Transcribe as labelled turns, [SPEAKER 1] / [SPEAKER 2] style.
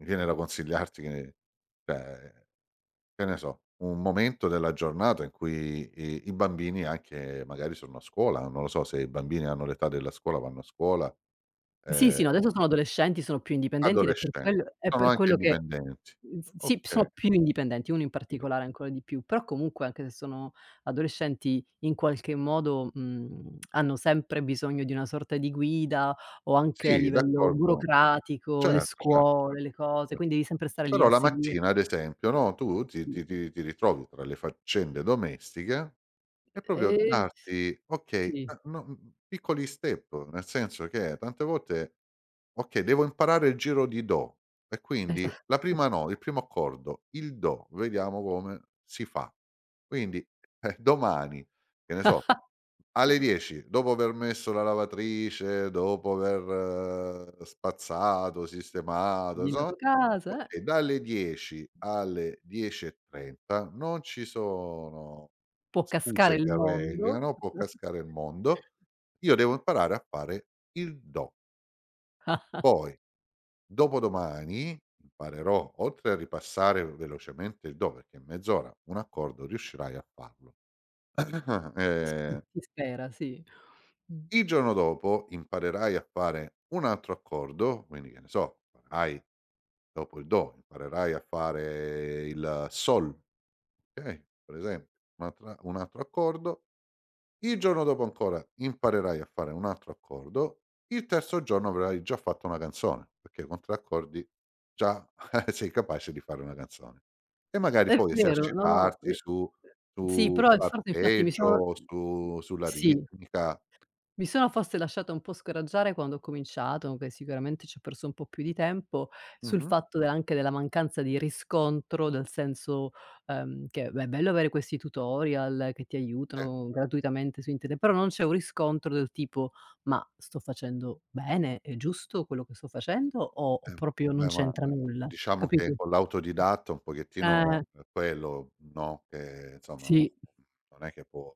[SPEAKER 1] Mi viene da consigliarti che cioè, che ne so, un momento della giornata, in cui i i bambini, anche, magari sono a scuola, non lo so se i bambini hanno l'età della scuola, vanno a scuola.
[SPEAKER 2] Sì,
[SPEAKER 1] Ehm
[SPEAKER 2] sì, no adesso sono adolescenti, sono più indipendenti ed è per
[SPEAKER 1] Adolescenti,
[SPEAKER 2] quel è
[SPEAKER 1] sono
[SPEAKER 2] per
[SPEAKER 1] anche
[SPEAKER 2] quello che
[SPEAKER 1] indipendenti.
[SPEAKER 2] mhmm, s sì,
[SPEAKER 1] Okay.
[SPEAKER 2] sono più indipendenti, uno in
[SPEAKER 1] Indipe
[SPEAKER 2] particolare ancora di più, però comunque, anche se sono adolescenti in qualche modo, mhmm, hanno sempre bisogno di una sorta di guida, o anche a
[SPEAKER 1] Sì,
[SPEAKER 2] livello
[SPEAKER 1] d'accordo.
[SPEAKER 2] burocratico, le
[SPEAKER 1] Certo, certo,
[SPEAKER 2] scuole,
[SPEAKER 1] cert
[SPEAKER 2] le cose,
[SPEAKER 1] cert
[SPEAKER 2] quindi devi sempre stare lì
[SPEAKER 1] però
[SPEAKER 2] a
[SPEAKER 1] la
[SPEAKER 2] seguire.
[SPEAKER 1] mattina ad esempio, no, tu ti
[SPEAKER 2] Sì.
[SPEAKER 1] ti ti ritrovi tra le faccende domestiche, è proprio
[SPEAKER 2] Ehm s
[SPEAKER 1] darti okay,
[SPEAKER 2] sì.
[SPEAKER 1] a no mhmm, piccoli step, nel senso che, tante volte: "Okay, devo imparare il giro di do, e
[SPEAKER 2] Esa
[SPEAKER 1] quindi la prima no il primo accordo, il do, vediamo come si fa." Quindi, eh, domani che ne so, alle 10, dopo aver messo la lavatrice, dopo aver spazzato, sistemato, insomma
[SPEAKER 2] [unintelligible] Casa eh
[SPEAKER 1] okay dalle 10 alle 10.30 non ci sono
[SPEAKER 2] Può cascare
[SPEAKER 1] scuse
[SPEAKER 2] il
[SPEAKER 1] che
[SPEAKER 2] mondo.
[SPEAKER 1] reggano, può cascare il mondo, io devo imparare a fare il do. Poi dopodomani, imparerò, oltre a ripassare vel velocemente il do, perché mezz'ora un accordo riuscirai a farlo.
[SPEAKER 2] S
[SPEAKER 1] Ehm
[SPEAKER 2] si spera sì. Mh,
[SPEAKER 1] Il
[SPEAKER 2] mh.
[SPEAKER 1] giorno dopo, imparerai a fare un altro accordo, quindi che ne so, farai dopo il do, imparerai a fare il sol, okay, per esempio un'altra un altro accordo. Il giorno dopo ancora, imparerai a fare un altro accordo, il terzo giorno avrai già fatto una canzone, perché con 3 accordi, già sei capace di fare una canzone, e
[SPEAKER 2] Uhm,
[SPEAKER 1] magari
[SPEAKER 2] è
[SPEAKER 1] poi
[SPEAKER 2] vero, no, no
[SPEAKER 1] esercitarti su
[SPEAKER 2] sì,
[SPEAKER 1] su
[SPEAKER 2] però infatti mi sono
[SPEAKER 1] l'arpeggio, su sulla
[SPEAKER 2] sì.
[SPEAKER 1] ritmica.
[SPEAKER 2] Mi sono forse lasciata un po' scoraggiare, quando ho cominciato, che sicuramente ci ho perso un po' più di tempo, sul
[SPEAKER 1] Mh-mh.
[SPEAKER 2] fatto della anche della mancanza di riscontro, dal senso, ehm, che è bello avere questi tutorial, che ti
[SPEAKER 1] E
[SPEAKER 2] aiutano gratuitamente su internet, però non c'è un riscontro, del tipo: "Ma sto facendo bene, è giusto quello che sto facendo, o o
[SPEAKER 1] Eh
[SPEAKER 2] proprio non
[SPEAKER 1] beh ma
[SPEAKER 2] c'entra nulla?"
[SPEAKER 1] diciamo
[SPEAKER 2] Capito,
[SPEAKER 1] che, con
[SPEAKER 2] mh,
[SPEAKER 1] l'autodidatta un pochettino
[SPEAKER 2] eh!
[SPEAKER 1] quello, no, che insomma uno
[SPEAKER 2] Sì.
[SPEAKER 1] non è che può